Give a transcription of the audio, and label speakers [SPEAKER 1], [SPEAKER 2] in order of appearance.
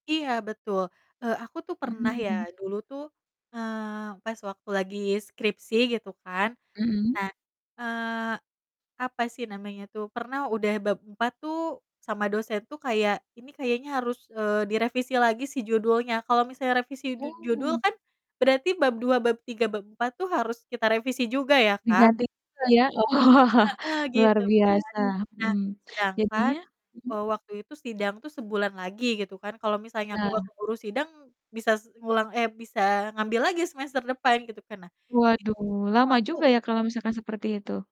[SPEAKER 1] Iya, betul! Eee, aku tuh
[SPEAKER 2] Mhm
[SPEAKER 1] pernah
[SPEAKER 2] mhm.
[SPEAKER 1] ya, dulu tuh, eee, pas waktu lagi skripsi gitu kan.
[SPEAKER 2] Mhm.
[SPEAKER 1] Nah, eee, apa sih namanya tuh, pernah udah bab 4 tuh, sama dosen tuh kayak, "Ini kayaknya harus, eee, direvisi lagi sih judulnya." Kalau misalnya revisi du judul
[SPEAKER 2] Oh.
[SPEAKER 1] kan, berarti bab 2, bab 3, bab 4 tuh harus kita revisi juga ya, Kak.
[SPEAKER 2] Diganti juga ya? Oh
[SPEAKER 1] Heeh,
[SPEAKER 2] luar
[SPEAKER 1] gitu kan.
[SPEAKER 2] biasa,
[SPEAKER 1] Nah,
[SPEAKER 2] mmm.
[SPEAKER 1] sedangkan,
[SPEAKER 2] Jadinya mhm?
[SPEAKER 1] eee, waktu itu sidang tuh sebulan lagi gitu kan, kalau misalnya aku nggak
[SPEAKER 2] Iya.
[SPEAKER 1] keburu sidang, bisa se ngulang, eh, bisa ngambil lagi semester depan, gitu kan. Nah,
[SPEAKER 2] Waduh,
[SPEAKER 1] disitu
[SPEAKER 2] lama
[SPEAKER 1] aku
[SPEAKER 2] juga ya kalau misalkan seperti itu?